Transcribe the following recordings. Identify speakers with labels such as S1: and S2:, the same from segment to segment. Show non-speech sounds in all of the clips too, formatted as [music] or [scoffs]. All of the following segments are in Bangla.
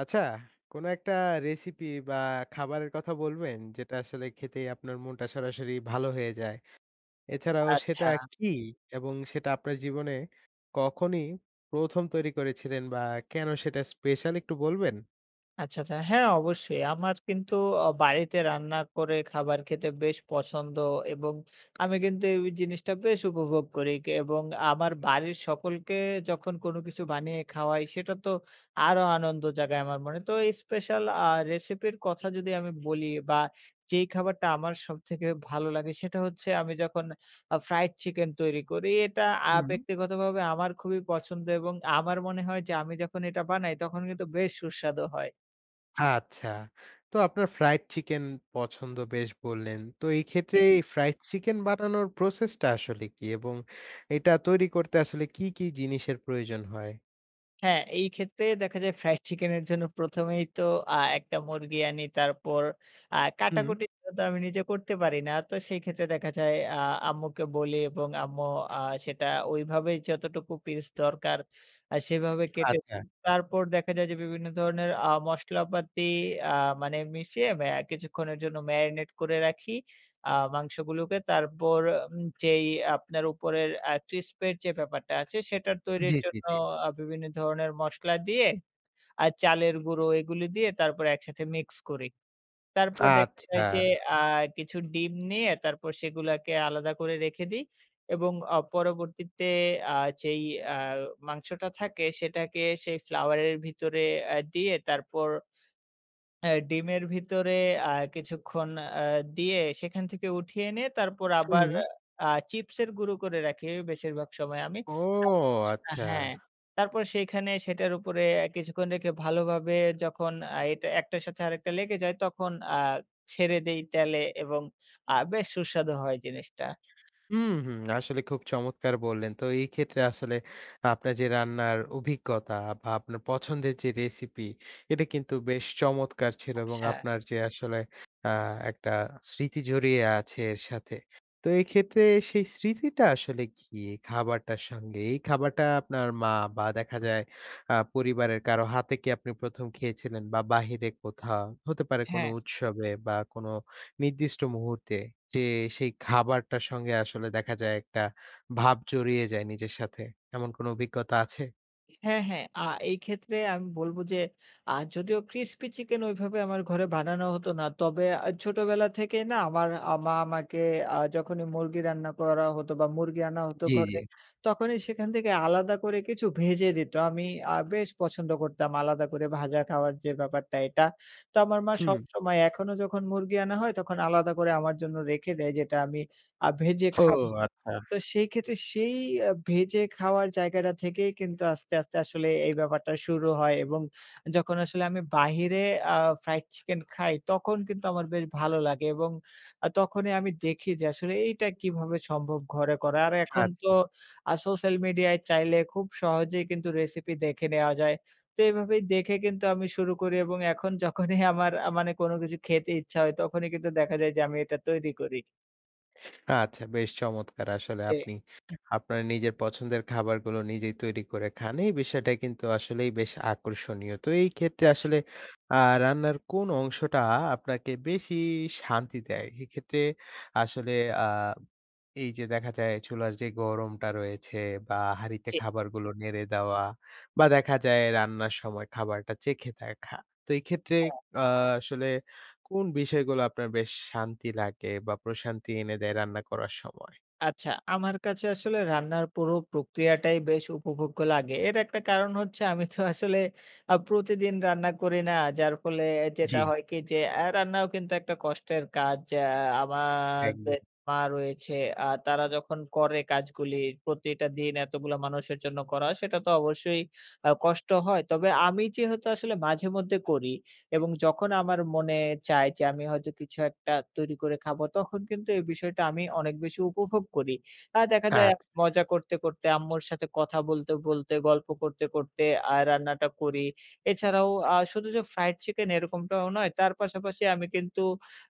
S1: আচ্ছা, কোনো একটা recipe বা খাবারের কথা বলবেন? যেটা আসলে খেতেই আপনার মনটা সরাসরি ভালো হয়ে যায়? এছাড়াও সেটা
S2: আচ্ছা।
S1: কী? এবং সেটা আপনার জীবনে কখনই ১ম তৈরি করেছিলেন বা কেন সেটা special একটু বলবেন?
S2: আচ্ছা, আচ্ছা। হ্যাঁ, অবশ্যই। আমার কিন্তু অ বাড়িতে রান্না করে খাবার খেতে বেশ পছন্দ এবং আমি কিন্তু এই জিনিসটা বেশ উপভোগ করি ক এবং আমার বাড়ির সকলকে যখন কোন কিছু বানিয়ে খাওয়াই সেটা তো আরো আনন্দ জায়গায় আমার মনে। তো এই special আ recipe এর কথা যদি আমি বলি বা যেই খাবারটা আমার সবথেকে ভালো লাগে সেটা হচ্ছে আমি যখন আ fried chicken তৈরি করি। এটা আ
S1: হুম।
S2: ব্যক্তিগতভাবে আমার খুবই পছন্দ এবং আমার মনে হয় যে, আমি যখন এটা বানাই তখন কিন্তু বেশ সুস্বাদু হয়।
S1: আচ্ছা। তো আপনার fried chicken পছন্দ বেশ বললেন। তো এই ক্ষেত্রে এই fried chicken বানানোর process টা আসলে কী? এবং এটা তৈরি করতে আসলে কী, কী জিনিসের প্রয়োজন হয়?
S2: হ্যাঁ, এই ক্ষেত্রে দেখা যায় fried chicken [scoffs] এর জন্য ১ম এই তো আ একটা মুরগি আনি। তারপর আ
S1: হুম।
S2: কাটাকুটি তো আমি নিজে করতে পারি না। তো সেই ক্ষেত্রে দেখা যায় আ আম্মুকে বলি এবং আম্মু আ সেটা ওইভাবেই যতটুকু piece দরকার আ সেভাবে কেটে।
S1: আচ্ছা।
S2: তারপর দেখা যায় যে, বিভিন্ন ধরনের আ মশলাপাতি আ মানে মিশিয়ে অ্যা কিছুক্ষণের জন্য marinate করে রাখি আ মাংসগুলোকে। তারপর উম যেই আপনার উপরের আ crisp এর যে ব্যাপারটা আছে, সেটার তৈরির
S1: জ্বি, জি,
S2: জন্য
S1: জ্বি।
S2: আ বিভিন্ন ধরনের মসলা দিয়ে আর চালের গুঁড়ো এগুলো দিয়ে তারপর একসাথে mix করি। তারপর দেখা
S1: আচ্ছা।
S2: যায় যে, আ কিছু ডিম নিয়ে তারপর সেগুলাকে আলাদা করে রেখে দিই এবং আ পরবর্তীতে আ যেই আ মাংসটা থাকে সেটাকে সেই flour এর ভিতরে এ দিয়ে তারপর অ্যা ডিমের ভিতরে আ কিছুক্ষণ আ দিয়ে সেখান থেকে উঠিয়ে এনে তারপর আবার
S1: হুম।
S2: আ চিপস এর গুঁড়ো করে রাখি বেশিরভাগ সময় আমি।
S1: ও আচ্ছা।
S2: হ্যাঁ। তারপর সেখানে সেটার উপরে কিছুক্ষণ রেখে ভালোভাবে যখন আ এটা একটার সাথে আরেকটা লেগে যায় তখন আ ছেড়ে দেই তেলে এবং আ বেশ সুস্বাদু হয় জিনিসটা।
S1: হুম, হুম, আসলে খুব চমৎকার বললেন। তো এই ক্ষেত্রে আসলে আপনার যে, রান্নার অভিজ্ঞতা বা আপনার পছন্দের যে recipe, এটা কিন্তু বেশ চমৎকার ছিল এবং
S2: আচ্ছা।
S1: আপনার যে আসলে আ একটা স্মৃতি জড়িয়ে আছে এর সাথে। তো এক্ষেত্রে সেই স্মৃতিটা আসলে কি? খাবারটার সঙ্গে, এই খাবারটা আপনার মা বা দেখা যায় আ পরিবারের কারো হাতে কি আপনি ১ম খেয়েছিলেন? বা বাহিরে কোথাও? হতে পারে কোন
S2: হ্যাঁ।
S1: উৎসবে? বা কোন নির্দিষ্ট মুহূর্তে? যে, সেই খাবারটার সঙ্গে আসলে দেখা যায় একটা ভাব জড়িয়ে যায় নিজের সাথে। এমন কোনো অভিজ্ঞতা আছে?
S2: হ্যাঁ, হ্যাঁ। আ এই ক্ষেত্রে আমি বলব যে, আ যদিও crispy chicken ঐভাবে আমার ঘরে বানানো হতো না। তবে আ ছোটবেলা থেকেই না আমার আ মা আমাকে আ যখনই মুরগি রান্না করা হতো বা মুরগি আনা হতো
S1: জি, জি।
S2: ঘরে। তখনই সেখান থেকে আলাদা করে কিছু ভেজে দিত। আমি আ বেশ পছন্দ করতাম আলাদা করে ভাজা খাওয়ার যে ব্যাপারটা এটা। তো আমার মা
S1: হুম।
S2: সবসময় এখনো যখন মুরগি আনা হয় তখন আলাদা করে আমার জন্য রেখে দেয়। যেটা আমি আ ভেজে
S1: ও
S2: খাব।
S1: আচ্ছা।
S2: তো সেই ক্ষেত্রে সেই আ ভেজে খাওয়ার জায়গাটা থেকেই কিন্তু আস্তে, আস্তে আসলে এই ব্যাপারটা শুরু হয় এবং যখন আসলে আমি বাহিরে আ fried chicken খাই। তখন কিন্তু আমার বেশ ভালো লাগে এবং আ তখনই আমি দেখি যে, আসলে এইটা কিভাবে সম্ভব ঘরে করা। আর এখন তো
S1: আচ্ছা।
S2: আ social media এ চাইলে খুব সহজেই কিন্তু recipe দেখে নেওয়া যায়। তো এভাবেই দেখে কিন্তু আমি শুরু করি এবং এখন যখনই [scoffs] আমার আ মানে কোনো কিছু খেতে ইচ্ছা হয় তখনই কিন্তু দেখা যায় যে, আমি এটা তৈরি করি।
S1: আচ্ছা, বেশ চমৎকার! আসলে
S2: জি।
S1: আপনি আপনার নিজের পছন্দের খাবারগুলো নিজেই তৈরি করে খান। এই বিষয়টা কিন্তু আসলেই বেশ আকর্ষণীয়। তো এই ক্ষেত্রে
S2: আচ্ছা।
S1: আসলে আ রান্নার কোন অংশটা আপনাকে বেশি শান্তি দেয়? এক্ষেত্রে আসলে আ এই যে, দেখা যায় চুলার যে গরমটা রয়েছে বা হাড়িতে
S2: জি।
S1: খাবারগুলো নেড়ে দেওয়া বা দেখা যায় রান্নার সময় খাবারটা চেখে দেখা। তো এই ক্ষেত্রে
S2: আচ্ছা।
S1: আ আসলে কোন বিষয়গুলো আপনার বেশ শান্তি লাগে বা প্রশান্তি এনে দেয় রান্না করার সময়?
S2: আচ্ছা, আমার কাছে আসলে রান্নার পুরো প্রক্রিয়াটাই বেশ উপভোগ্য লাগে। এর একটা কারণ হচ্ছে আমি তো আসলে [scoffs] আ প্রতিদিন রান্না করি না। যার ফলে যেটা
S1: জি।
S2: হয় কি যে, আ রান্নাও কিন্তু একটা কষ্টের কাজ। আ
S1: একদম।
S2: আমারদের মা রয়েছে। আ তারা যখন করে কাজগুলি প্রতিটা দিন এতগুলো মানুষের জন্য করা হয় সেটা তো অবশ্যই আ কষ্ট হয়। তবে আমি যেহেতু আসলে মাঝেমধ্যে করি এবং যখন আমার মনে চায় যে, আমি হয়তো কিছু একটা তৈরি করে খাবো। তখন কিন্তু এই বিষয়টা আমি অনেক বেশি উপভোগ করি। আর দেখা যায়
S1: আচ্ছা।
S2: মজা করতে, করতে আম্মুর সাথে কথা বলতে, বলতে গল্প করতে, করতে আ রান্নাটা করি। এছাড়াও আ শুধু যে, fried chicken এরকমটাও নয় তার পাশাপাশি আমি কিন্তু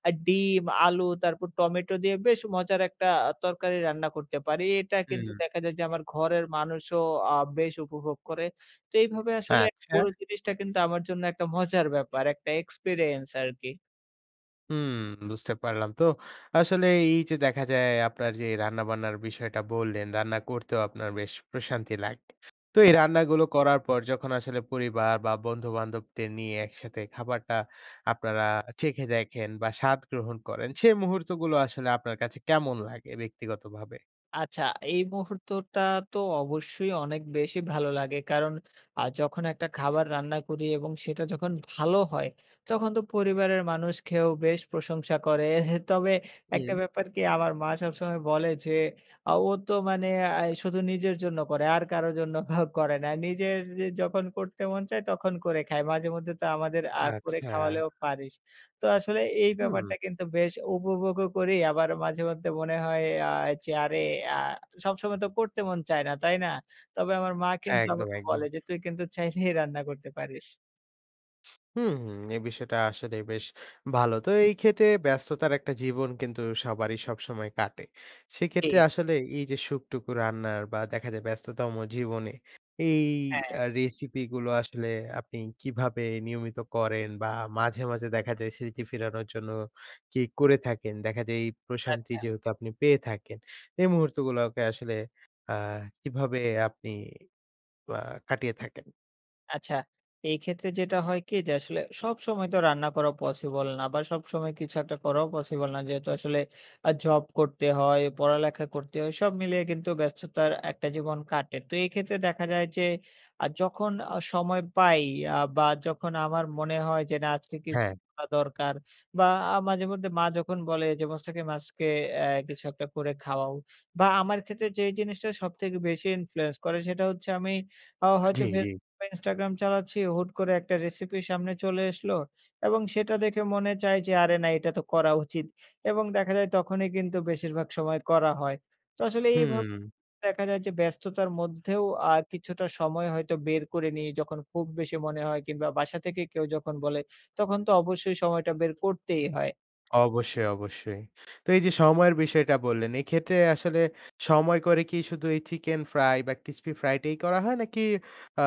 S2: আ ডিম, আলু তারপর টমেটো দিয়ে বেশ মজার একটা তরকারি রান্না করতে পারি। এটা কিন্তু
S1: হুম।
S2: দেখা যায় যে, আমার ঘরের মানুষও আ বেশ উপভোগ করে। তো এইভাবে আসলে
S1: আচ্ছা।
S2: পুরো জিনিসটা কিন্তু আমার জন্য একটা মজার [scoffs] ব্যাপার একটা experience আরকি।
S1: হুম, বুঝতে পারলাম। তো আসলে এইযে দেখা যায় আপনার যে, রান্নাবান্নার বিষয়টা বললেন, রান্না করতেও আপনার বেশ প্রশান্তি লাগে। তো এই
S2: ছা
S1: রান্নাগুলো করার পর যখন আসলে পরিবার বা বন্ধুবান্ধবদের নিয়ে একসাথে খাবারটা আপনারা চেখে দেখেন বা স্বাদ গ্রহণ করেন, সেই মুহূর্তগুলো আসলে আপনার কাছে কেমন লাগে ব্যক্তিগতভাবে?
S2: আচ্ছা, এই মুহূর্তটা তো অবশ্যই অনেক বেশি ভালো লাগে। কারণ আ যখন একটা খাবার রান্না করি এবং সেটা যখন ভালো হয় তখন তো পরিবারের মানুষ খেয়েও বেশ প্রশংসা করে। [scoffs] তবে একটা
S1: হুম।
S2: ব্যাপার কি আমার মা সবসময় বলে যে, আ "ও তো মানে আ শুধু নিজের জন্য করে আর কারো জন্য [scoffs] করে না। নিজের যখন করতে মন চায় তখন করে খায়। মাঝেমধ্যে তো আমাদের আ করে
S1: আচ্ছা।
S2: খাওয়ালেও পারিস।" তো আসলে এই
S1: হুম।
S2: ব্যাপারটা কিন্তু বেশ উপভোগও করি। আবার মাঝেমধ্যে মনে হয় আ যে, আরে আ সবসময় তো করতে মন চায় না, তাই না? তবে আমার মা কিন্তু
S1: একদম,
S2: আমাকে
S1: একদম।
S2: বলে যে, "তুই কিন্তু চাইলেই [scoffs] রান্না করতে পারিস।"
S1: হুম। এই বিষয়টা আসলে বেশ ভালো। তো এইক্ষেত্রে ব্যস্ততার একটা জীবন কিন্তু সবারই সবসময় কাটে। সেক্ষেত্রে
S2: জ্বি।
S1: আসলে এইযে সুখটুকু রান্নার বা দেখা যায় ব্যস্ততম জীবনে এই
S2: হ্যাঁ।
S1: আ recipe গুলো আসলে আপনি কিভাবে নিয়মিত করেন বা মাঝে, মাঝে দেখা যায় স্মৃতি ফেরানোর জন্য কি করে থাকেন? দেখা যায় এই প্রশান্তি
S2: আচ্ছা।
S1: যেহেতু আপনি পেয়ে থাকেন, এই মুহূর্তগুলোকে আসলে আ কিভাবে আপনি বা কাটিয়ে থাকেন?
S2: আচ্ছা, এই ক্ষেত্রে যেটা হয় কি? যে, আসলে সবসময় তো রান্না করা possible না বা সবসময় কিছু একটা করাও possible না। যেহেতু আসলে আ job করতে হয়, পড়ালেখা করতে হয়। সব মিলিয়ে কিন্তু ব্যস্ততার একটা জীবন কাটে। তো এই ক্ষেত্রে দেখা যায় যে, আ যখন আ সময় পাই আ বা যখন আমার মনে হয় যে, না আজকে কিছু
S1: হ্যাঁ।
S2: করা দরকার বা আ মাঝে মধ্যে মা যখন বলে যে, ‘’মুস্তাকিম আজকে এ কিছু একটা করে খাওয়াও‘’ বা আমার ক্ষেত্রে যেই জিনিসটা সবথেকে বেশি influence করে সেটা হচ্ছে আমি আ হয়তো
S1: জ্বি, জ্বি।
S2: Facebook Instagram চালাচ্ছি, হুট করে একটা recipe সামনে চলে এসলো এবং সেটা দেখে মনে চায় যে, আরে না এটা তো করা উচিত এবং দেখা যায় তখনই কিন্তু বেশিরভাগ সময় করা হয়। তো আসলে এইভাব
S1: হুম।
S2: দেখা যায় যে, ব্যস্ততার মধ্যেও আ কিছুটা সময় হয়তো বের করে নি। যখন খুব বেশি মনে হয় কিংবা বাসা থেকে কেউ যখন বলে তখন তো অবশ্যই সময়টা বের করতেই হয়।
S1: অবশ্যই, অবশ্যই। তো এই যে, সময়ের বিষয়টা বললেন, এক্ষেত্রে আসলে সময় করে কি শুধু এই chicken fry বা crispy fry try করা হয়? নাকি আ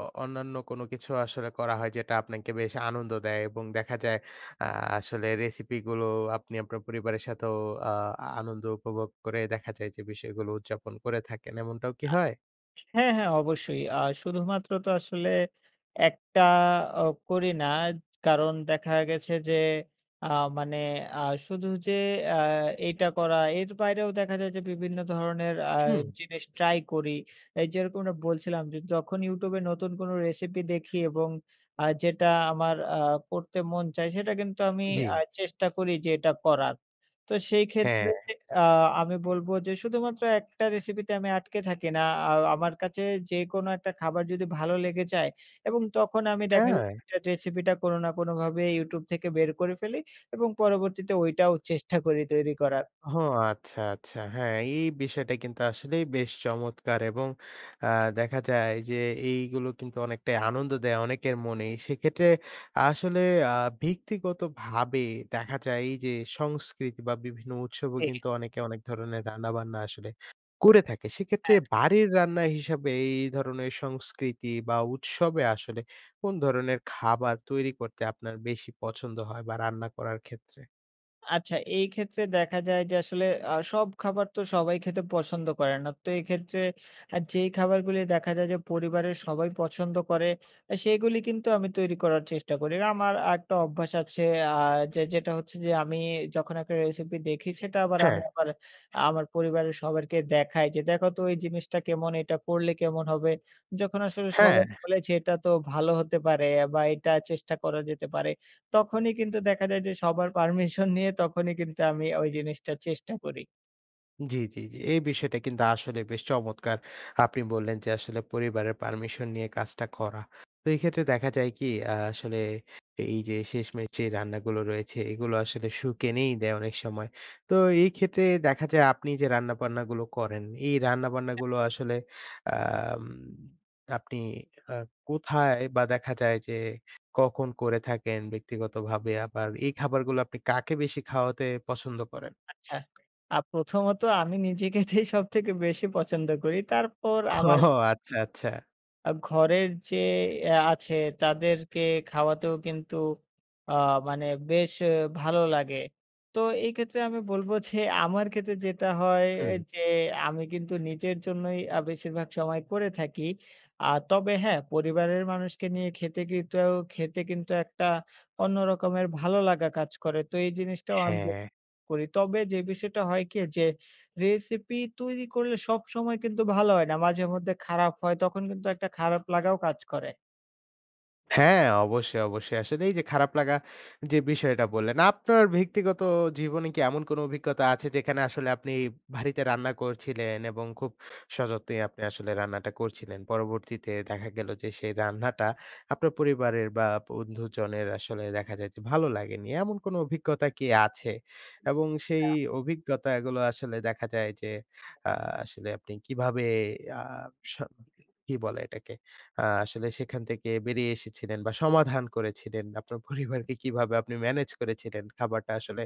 S1: অ অন্যান্য কোন কিছু আসলে করা হয়? যেটা আপনাকে বেশ আনন্দ দেয়। এবং দেখা যায় আ আসলে recipe গুলো আপনি আপনার পরিবারের সাথেও আ আনন্দ উপভোগ করে দেখা যায় যে, বিষয়গুলো উদযাপন করে থাকেন। এমনটাও কি
S2: আ
S1: হয়?
S2: হ্যাঁ, হ্যাঁ, অবশ্যই। আ শুধুমাত্র তো আসলে একটা আ করি না কারণ দেখা গেছে যে, আ মানে আ শুধু যে, আ এইটা করা এর বাইরেও দেখা যায় যে, বিভিন্ন ধরনের আ
S1: হুম।
S2: জিনিস try করি। এই যেরকম বলছিলাম যে, যখন YouTube এ নতুন কোন recipe দেখি এবং আ যেটা আমার আ পড়তে মন চায় সেটা কিন্তু আমি
S1: জ্বি।
S2: আ চেষ্টা করি যে, এটা করার তো সেই ক্ষেত্রে
S1: হ্যাঁ।
S2: আ আমি বলব যে, শুধুমাত্র একটা recipe তে আমি আটকে থাকি না আ আমার কাছে যেকোনো একটা খাবার যদি ভালো লেগে যায় এবং তখন আমি দেখা
S1: হ্যাঁ।
S2: recipe টা কোনো না কোনোভাবে YouTube থেকে বের করে ফেলি এবং পরবর্তীতে ওইটাও চেষ্টা [scoffs] করি তৈরি করার।
S1: ও [scoffs] আচ্ছা, আচ্ছা। হ্যাঁ, এই বিষয়টা কিন্তু আসলেই বেশ চমৎকার এবং আ দেখা যায় যে, এইগুলো কিন্তু অনেকটাই আনন্দ দেয় অনেকের মন। সেক্ষেত্রে আসলে আ ব্যক্তিগত ভাবে দেখা যায় এই যে, সংস্কৃতি বা বিভিন্ন উৎসবও
S2: ঠিক।
S1: কিন্তু অনেকে অনেক ধরনের রান্নাবান্না আসলে করে থাকে। সেক্ষেত্রে
S2: হ্যাঁ।
S1: বাড়ির রান্না হিসাবে এই ধরনের সংস্কৃতি বা উৎসবে আসলে কোন ধরনের খাবার তৈরি করতে আপনার বেশি পছন্দ হয়? বা রান্না করার ক্ষেত্রে?
S2: আচ্ছা। এই ক্ষেত্রে দেখা যায় যে আসলে আ সব খাবার তো সবাই খেতে পছন্দ করে না। তো এক্ষেত্রে অ্যা যেই খাবারগুলি দেখা যায় যে পরিবারের সবাই পছন্দ করে অ্যা সেগুলো কিন্তু আমি তৈরি করার চেষ্টা করি। এ আমার আরেকটা অভ্যাস আছে। আ যে যেটা হচ্ছে যে আমি যখন একটা রেসিপি দেখি সেটা আবার আমি
S1: হ্যাঁ।
S2: আবার আমার পরিবারের সবাইকে দেখাই যে, "দেখো তো এই জিনিসটা কেমন? এইটা করলে কেমন হবে?" যখন আসলে সবাই
S1: হ্যাঁ।
S2: বলেছে, "এইটা তো ভালো হতে পারে অ্যা বা এটা চেষ্টা করা যেতে পারে।" তখনই কিন্তু দেখা যায় যে সবার পারমিশন নিয়ে তখনই কিন্তু আমি ঐ জিনিসটা চেষ্টা করি।
S1: জি, জি, জি। এই বিষয়টা কিন্তু আসলে বেশ চমৎকার। আপনি বললেন যে আসলে পরিবারের পারমিশন নিয়ে কাজটা করা। তো এই ক্ষেত্রে দেখা যায় কি? আ আসলে এইযে শেষমেশে রান্নাগুলো রয়েছে এগুলো আসলে
S2: [unintelligible]
S1: সুখ এনেই দেয় অনেক সময়। তো এই ক্ষেত্রে দেখা যায় আপনি যে রান্নাবান্না গুলো করেন, এই রান্নাবান্না গুলো আসলে আম আপনি আ কোথায় বা দেখা যায় যে কখন করে থাকেন? ব্যক্তিগতভাবে আবার এই খাবারগুলো আপনি কাকে বেশি খাওয়াতে পছন্দ করেন?
S2: আচ্ছা। আ প্রথমত আমি নিজে খেতেই সবথেকে বেশি পছন্দ করি। তারপর আমার
S1: ও আচ্ছা, আচ্ছা।
S2: আ ঘরের যে অ্যা আছে তাদেরকে খাওয়াতেও কিন্তু আ মানে বেশ অ্যা ভালো লাগে। তো এই ক্ষেত্রে আমি বলব যে আমার ক্ষেত্রে যেটা হয়
S1: হুম।
S2: যে আমি কিন্তু নিজের জন্যই আ বেশিরভাগ সময় করে থাকি। আ তবে হ্যাঁ, পরিবারের মানুষকে নিয়ে খেতে কিন্তু খেতে কিন্তু একটা অন্য রকমের ভালো লাগা কাজ করে। তো এই জিনিসটাও আমি [unintelligible]
S1: হ্যাঁ।
S2: করি। তবে যে বিষয়টা হয় কি? যে রেসিপি তৈরি করলে সবসময় কিন্তু ভালো হয় না। মাঝে মধ্যে খারাপ হয় তখন কিন্তু একটা খারাপ লাগাও কাজ করে।
S1: হ্যাঁ, অবশ্যই, অবশ্যই। আসলে এই যে, খারাপ লাগা যে বিষয়টা বললেন। আপনার ব্যক্তিগত জীবনে কি এমন কোন অভিজ্ঞতা আছে যেখানে আসলে আপনি ভারিতে রান্না করছিলেন এবং খুব সযত্নে আপনি আসলে রান্নাটা করছিলেন? পরবর্তীতে দেখা গেল যে, সেই রান্নাটা আপনার পরিবারের বা বন্ধুজনের আসলে দেখা যায় যে, ভালো লাগেনি, এমন কোন অভিজ্ঞতা কি আছে? এবং সেই
S2: আচ্ছা।
S1: অভিজ্ঞতাগুলো আসলে দেখা যায় যে, আ আসলে আপনি কিভাবে আ স কি বলে এটাকে? আ আসলে সেখান থেকে বেরিয়ে এসেছিলেন বা সমাধান করেছিলেন, বা আপনার [scoffs] পরিবারকে কিভাবে আপনি ম্যানেজ করেছিলেন, খাবারটা আসলে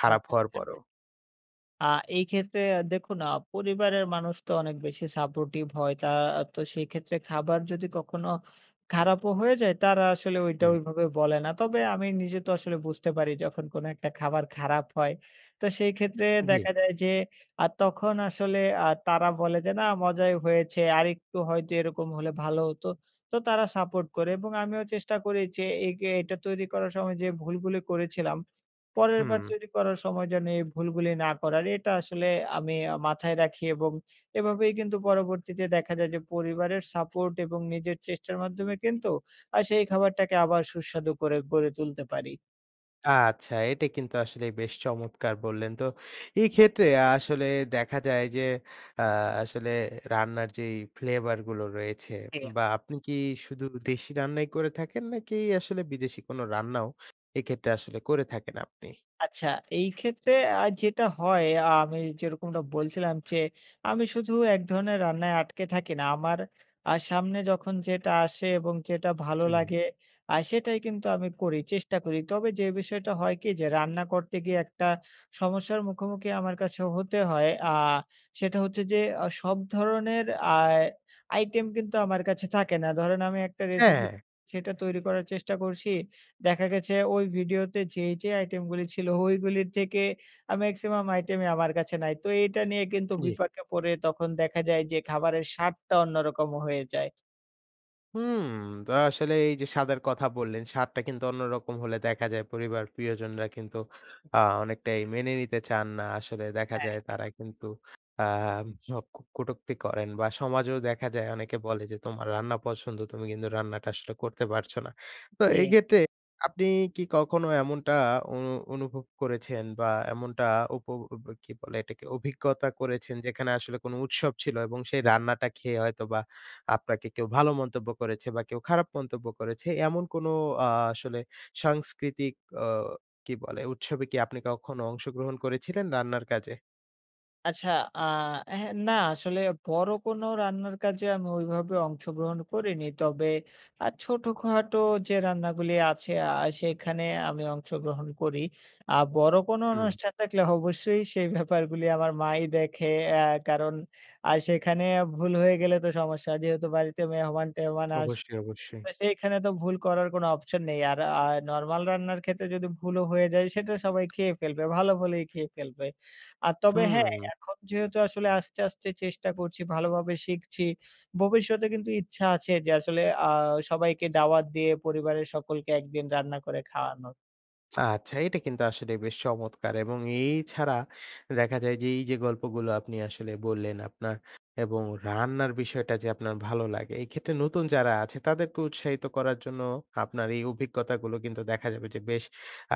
S1: খারাপ
S2: আচ্ছা,
S1: হওয়ার
S2: আচ্ছা।
S1: পরও?
S2: আ এই ক্ষেত্রে আ দেখুন আ পরিবারের মানুষ তো অনেক বেশি supportive হয়। তা তো সেইক্ষেত্রে খাবার যদি কখনো খারাপও হয়ে যায় তারা আসলে ঐটা
S1: হম।
S2: ওইভাবে বলে না। তবে আমি নিজে তো আসলে বুঝতে পারি যখন কোন একটা খাবার খারাপ হয়। তো সেই ক্ষেত্রে
S1: জী।
S2: দেখা যায় যে, আর তখন আসলে আ তারা বলে যে, "না, মজাই হয়েছে আরেকটু হয়তো এরকম হলে ভালো হতো।" তো তারা support করে এবং আমিও চেষ্টা করি যে, একে এটা তৈরি করার সময় যে, ভুলগুলি করেছিলাম, পরেরবার
S1: হুম।
S2: তৈরি করার সময় যেন এই ভুলগুলি না করার এটা আসলে আমি আ মাথায় রাখি এবং এভাবেই কিন্তু পরবর্তীতে দেখা যায় যে, পরিবারের support এবং নিজের চেষ্টার মাধ্যমে কিন্তু, আ সেই খাবারটাকে আবার সুস্বাদু করে গড়ে তুলতে পারি।
S1: আচ্ছা। এটা কিন্তু আসলে বেশ চমৎকার বললেন। তো এক্ষেত্রে আসলে দেখা যায় যে, আ আসলে রান্নার যেই ফ্লেভারগুলো রয়েছে
S2: জি।
S1: বা আপনি কি শুধু দেশি রান্নাই করে থাকেন? নাকি আসলে বিদেশি কোন রান্নাও এক্ষেত্রে আসলে করে থাকেন আপনি?
S2: আচ্ছা। এইক্ষেত্রে আর যেটা হয় আ আমি যেরকমটা বলছিলাম যে, আমি শুধু এক ধরনের রান্নায় আটকে থাকি না আমার আ সামনে যখন যেটা আসে এবং যেটা ভালো
S1: হুম।
S2: লাগে আ সেটাই কিন্তু আমি করি চেষ্টা করি। তবে যে, বিষয়টা হয় কি যে, রান্না করতে গিয়ে একটা সমস্যার মুখোমুখি আমার কাছে হতে হয়। আ সেটা হচ্ছে যে, অ সব ধরনের আ item কিন্তু আমার কাছে থাকে না। ধরেন আমি একটা recipe
S1: হ্যাঁ।
S2: সেটা তৈরি করার চেষ্টা করছি। দেখা গেছে ওই ভিডিওতে যেই যে, item গুলি ছিল ওইগুলির থেকে আ maximum item ই আমার কাছে নাই। তো এইটা নিয়ে কিন্তু
S1: জি।
S2: বিপাকে পড়ে তখন দেখা যায় যে, খাবারের স্বাদটা অন্যরকম হয়ে যায়।
S1: হুম। তো আসলে এইযে স্বাদের কথা বললেন, স্বাদটা কিন্তু অন্যরকম হলে দেখা যায় পরিবার প্রিয়জনরা কিন্তু আ অনেকটাই মেনে নিতে চান না। আসলে দেখা
S2: হ্যাঁ।
S1: যায় তারা কিন্তু আম হ কুটক্তি করেন বা সমাজেও দেখা যায় অনেকে বলে যে, "তোমার রান্না পছন্দ, তুমি কিন্তু রান্নাটা আসলে করতে পারছো না।" তো
S2: জি।
S1: এইক্ষেত্রে আপনি কি কখন এমনটা অনু অনুভব করেছেন বা এমনটা উপ ব ব কি বলে এটাকে? অভিজ্ঞতা করেছেন যেখানে আসলে কোন উৎসব ছিল এবং সেই রান্নাটা খেয়ে হয়তোবা আপনাকে কেউ ভালো মন্তব্য করেছে বা কেউ খারাপ মন্তব্য করেছে? এমন কোন আ আসলে সাংস্কৃতিক অ কি বলে উৎসবে কি আপনি কখনো অংশগ্রহণ করেছিলেন রান্নার কাজে?
S2: আচ্ছা আ হ্যাঁ, না, আসলে বড় কোনো রান্নার কাজে আমি ঐভাবে অংশগ্রহণ করিনি। তবে আ ছোটখাটো যে রান্নাগুলি আছে আ সেখানে আমি অংশগ্রহণ করি। আ বড় কোনো
S1: হুম।
S2: অনুষ্ঠান থাকলে অবশ্যই সেই ব্যাপারগুলি আমার মাই দেখে। অ্যা কারণ আ সেখানে ভুল হয়ে গেলে তো সমস্যা। যেহেতু বাড়িতে মেহমান-টেহমান আসবে।
S1: অবশ্যই, অবশ্যই।
S2: তো সেইখানে তো ভুল করার কোনো অপশন নেই। আর আ নরমাল রান্নার ক্ষেত্রে যদি ভুলও হয়ে যায় সেটা সবাই খেয়ে ফেলবে। ভালো বলেই খেয়ে ফেলবে। আর তবে হ্যাঁ,
S1: হুম।
S2: এখন যেহেতু আসলে আস্তে, আস্তে চেষ্টা করছি ভালোভাবে শিখছি। ভবিষ্যতে কিন্তু ইচ্ছা আছে যে আসলে আ সবাইকে দাওয়াত দিয়ে পরিবারের সকলকে ১ দিন রান্না করে খাওয়ানোর।
S1: আচ্ছা এইটা কিন্তু আসলে বেশ চমৎকার এবং এই ছাড়া দেখা যায় যে এইযে গল্পগুলো আপনি আসলে বললেন আপনার এবং রান্নার বিষয়টা যে আপনার ভালো লাগে। এই ক্ষেত্রে নতুন যারা আছে তাদেরকে উৎসাহিত করার জন্য আপনার এই অভিজ্ঞতাগুলো কিন্তু দেখা যাবে যে বেশ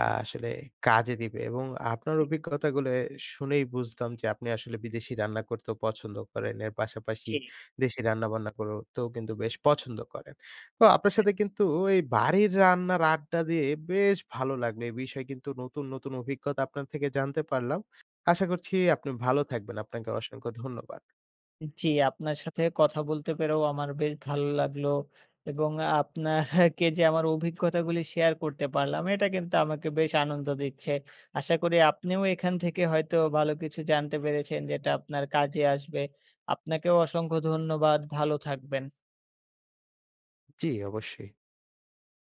S1: আ আসলে কাজে দিবে। এবং আপনার অভিজ্ঞতাগুলো শুনেই বুঝতাম যে আপনি আসলে বিদেশি রান্না করতেও পছন্দ করেন। এর পাশাপাশি
S2: জি।
S1: দেশি রান্নাবান্না করতেও কিন্তু বেশ পছন্দ করেন। তো আপনার
S2: হ্যাঁ।
S1: সাথে কিন্তু এই বাড়ির রান্নার আড্ডা দিয়ে বেশ ভালো লাগলো। এ বিষয়ে কিন্তু নতুন, নতুন অভিজ্ঞতা আপনার থেকে জানতে পারলাম। আশা করছি আপনি ভালো থাকবেন। আপনাকে অসংখ্য ধন্যবাদ।
S2: জি আপনার সাথে কথা বলতে পেরেও আমার বেশ ভালো লাগলো এবং আ আপনাকে যে আমার অভিজ্ঞতাগুলি শেয়ার করতে পারলাম, এটা কিন্তু আমাকে বেশ আনন্দ দিচ্ছে। আশা করি আপনিও এখান থেকে হয়তো ভালো কিছু জানতে পেরেছেন যেটা আপনার কাজে আসবে। আপনাকেও অসংখ্য ধন্যবাদ, ভালো থাকবেন।
S1: জি অবশ্যই।